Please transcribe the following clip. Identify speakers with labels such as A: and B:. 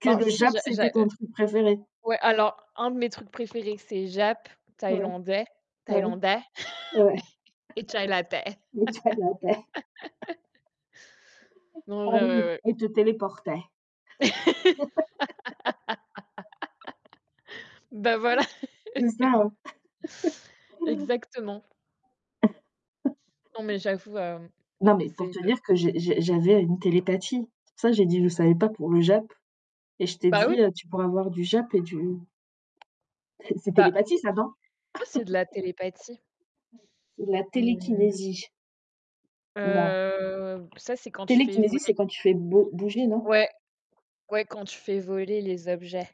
A: Que
B: Ben,
A: le
B: si,
A: jap
B: j'a j'a
A: c'était ton
B: heu,
A: truc préféré?
B: ouais, alors, un de mes trucs préférés, c'est jap,
A: Ouais,
B: thaïlandais,
A: bah,
B: thaïlandais
A: ouais,
B: et chaï latte.
A: le chaï latte.
B: Non en
A: Ah
B: vrai
A: oui
B: ouais, ouais.
A: et te téléportait.
B: Bah, voilà.
A: C'est ça, hein.
B: Exactement. Non, mais j'avoue, heu,
A: Non, mais pour
B: c'est
A: te dire que
B: [unintelligible]
A: j'ai j'ai j'avais une télépathie. C'est pour ça, j'ai dit: «Je savais pas pour le jap». Et je t'ai
B: Bah oui!
A: dit: «Tu pourras avoir du jap et du» c'est
B: Bah,
A: télépathie ça non?
B: oui, c'est de la télépathie.
A: C'est de la
B: Mmh mh.
A: télékinésie. Non.
B: Heu, ça, c'est quand tu fais
A: Télékinésie, c'est
B: voler
A: quand tu fais bo bouger, non?
B: ouais, ouais, quand tu fais voler les objets.